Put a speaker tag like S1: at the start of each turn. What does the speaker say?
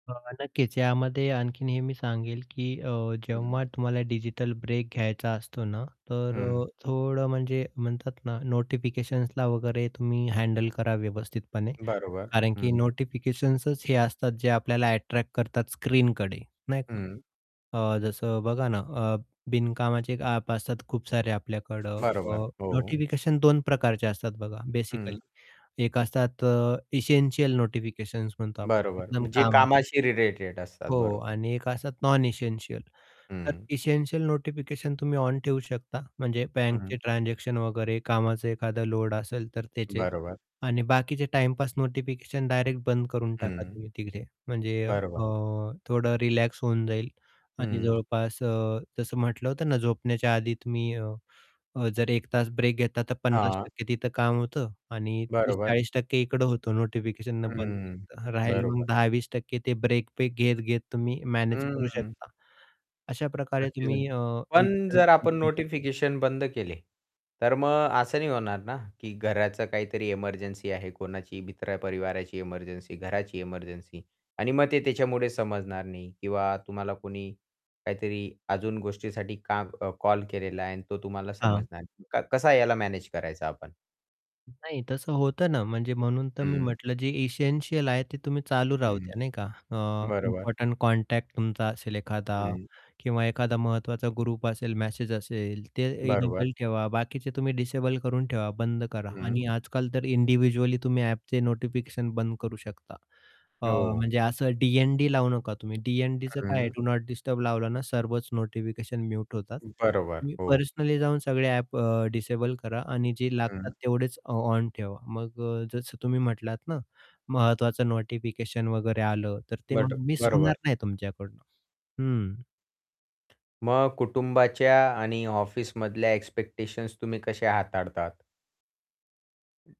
S1: अ, नक्कीच. यामध्ये आणखीन हे मी सांगेल की अ,
S2: हं.
S1: जेव्हा तुम्हाला डिजिटल ब्रेक घ्यायचा असतो ना, तर
S2: हं.
S1: अ, थोडं म्हणजे म्हणतात ना, नोटिफिकेशन्सला वगैरे तुम्ही हँडल करा व्यवस्थितपणे.
S2: बरोबर,
S1: कारण की,
S2: हं.
S1: नोटिफिकेशन्संच हे असतात, जे आपल्याला अट्रॅक्ट करतात स्क्रीनकडे, नाही का?
S2: हं.
S1: अ, जसं बघा ना अ, बिनकामाचे एक ॲप असतात खूप सारे आपल्याकडं.
S2: बरोबर,
S1: अ,
S2: हो.
S1: नोटिफिकेशन 2 प्रकारचे असतात बघा, बेसिकली.
S2: हं.
S1: एक असतात अ, इसेंशियल नोटिफिकेशन्स म्हणतो आपण
S2: बरोबर.
S1: एकदम
S2: म्हणजे
S1: कामाचे
S2: कामाशी रिलेटेड असतात,
S1: हो, हो
S2: बरोबर.
S1: आणि एक असतात नॉन इसेंशियल. तर
S2: हं.
S1: इसेंशियल नोटिफिकेशन तुम्ही ऑन ठेऊ शकता, म्हणजे
S2: हं.
S1: बँकचे ट्रान्झॅक्शन वगैरे, कामाचा एखादा लोड असेल तर त्याचे.
S2: बरोबर.
S1: आणि बाकीचे टाईमपास नोटिफिकेशन डायरेक्ट बंद करून टाका
S2: हं.
S1: तुम्ही तिकडे, म्हणजे अ,
S2: बरोबर.
S1: थोडं रिलॅक्स होऊन जाईल. आणि
S2: हं.
S1: जवळपास अ, जसं म्हटलं होतं ना झोपण्याच्या आधी तुम्ही अ, अ, जर 1 तास ब्रेक घेता, तर पन्नास
S2: हां.
S1: टक्के तिथं काम होतं आणि तीस
S2: बरोबर.
S1: चाळीस टक्के इकडं होतं नोटिफिकेशन बंद
S2: हं,
S1: केलं तर, राहिलं
S2: बरोबर.
S1: मग 10-20% ते ब्रेक पे घेत-घेत तुम्ही मॅनेज करू
S2: हं.
S1: शकता. अशाप्रकारे तुम्ही
S2: [unintelligible]
S1: अ,
S2: पण
S1: डिजिटल
S2: जर आपण
S1: [unintelligible]
S2: नोटिफिकेशन बंद केले, तर मग असं नाही होणार ना, की घराचं काहीतरी इमर्जन्सी आहे, कोणाची मित्र-परिवाराची इमर्जन्सी, घराची इमर्जन्सी आणि मग ते त्याच्यामुळे समजणार नाही किंवा तुम्हाला कोणी काहीतरी अजून गोष्टीसाठी काम अ, कॉल केलेला आहे आणि तो तुम्हाला
S1: हां.
S2: समजणार नाही. क कसं याला मॅनेज करायचं आपण?
S1: नाही, तसं होतं ना. म्हणजे म्हणून तर मी
S2: हं.
S1: म्हटलं, जे इसेंशियल आहे, ते तुम्ही चालू राहू
S2: हं,
S1: द्या, नाही का? अ,
S2: बरोबर.
S1: इम्पोर्टंट कॉन्टॅक्ट तुमचा असेल एखादा
S2: हं.
S1: किंवा एखादा महत्त्वाचा ग्रुप असेल, मॅसेज असेल, ते
S2: बरोबर.
S1: इनेबल ठेवा. बाकीचे तुम्ही डिसेबल करून ठेवा, बंद करा.
S2: हं.
S1: आणि आजकाल तर इंडिव्हिज्युअली तुम्ही ॲपचे नोटिफिकेशन बंद करू शकता. अ,
S2: हो.
S1: म्हणजे असं डी-एन-डी लावू नका तुम्ही. डी-एन-डीचं काय आहे,
S2: हं.
S1: डू नॉट डिस्टर्ब लावलं ना, सर्वच नोटिफिकेशन म्यूट होतात.
S2: बरोबर,
S1: तुम्ही
S2: हो.
S1: पर्सनली जाऊन सगळे ॲप अ, डिसेबल करा आणि जे
S2: हं.
S1: लागतात तेवढेच ऑ ऑन ठेवा. मग अ, जसं तुम्ही म्हटलात ना, महत्त्वाचं नोटिफिकेशन वगैरे आलं, तर ते
S2: बट
S1: मग मिस
S2: बरोबर.
S1: होणार नाही तुमच्याकडनं, हं.
S2: मग कुटुंबाच्या आणि ऑफिसमधल्या एक्स्पेक्टेशन्स तुम्ही कसे हाताळतात?